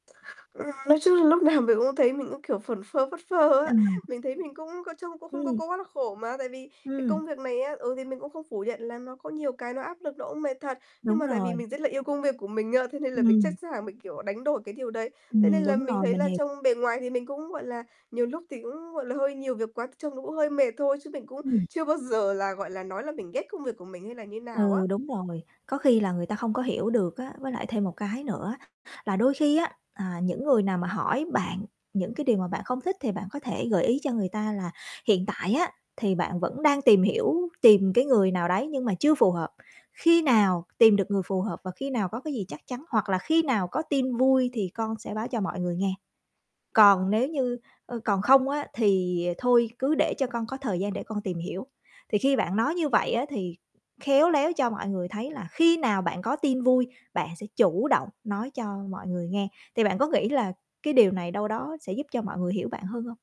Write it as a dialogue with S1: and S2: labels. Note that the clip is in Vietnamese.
S1: Ừ. Nói chung là lúc nào mình cũng thấy mình cũng, kiểu, phẩn phơ phất phơ á.
S2: Ừm.
S1: Mình thấy mình cũng có trông cũng không có
S2: Ừm.
S1: có quá là khổ mà, tại vì cái
S2: Ừm.
S1: công việc này á, ừ, thì mình cũng không phủ nhận là nó có nhiều cái nó áp lực, nó cũng mệt thật. Nhưng
S2: Đúng
S1: mà tại vì
S2: rồi.
S1: mình rất là yêu công việc của mình á, thế nên là mình sẵn
S2: Ừm.
S1: sàng mình, kiểu, đánh đổi cái điều đấy. Thế
S2: Ừm,
S1: nên là
S2: đúng
S1: mình
S2: rồi,
S1: thấy
S2: mình
S1: là
S2: h
S1: trông bề ngoài thì mình cũng, gọi là, nhiều lúc thì cũng, gọi là, hơi nhiều việc quá thì trông nó cũng hơi mệt thôi, chứ mình cũng
S2: Ừm.
S1: chưa bao giờ là, gọi là, nói là mình ghét công việc của mình hay là như nào
S2: Ừ,
S1: á.
S2: đúng rồi. Có khi là người ta không có hiểu được á. Với lại thêm một cái nữa là đôi khi á, à, những người nào mà hỏi bạn những cái điều mà bạn không thích thì bạn có thể gợi ý cho người ta là hiện tại á thì bạn vẫn đang tìm hiểu, tìm cái người nào đấy nhưng mà chưa phù hợp. Khi nào tìm được người phù hợp và khi nào có cái gì chắc chắn hoặc là "Khi nào có tin vui thì con sẽ báo cho mọi người nghe." Còn nếu như, ơ, còn không á thì thôi, "Cứ để cho con có thời gian để con tìm hiểu." Thì khi bạn nói như vậy á thì khéo léo cho mọi người thấy là khi nào bạn có tin vui, bạn sẽ chủ động nói cho mọi người nghe. Thì bạn có nghĩ là cái điều này đâu đó sẽ giúp cho mọi người hiểu bạn hơn hông?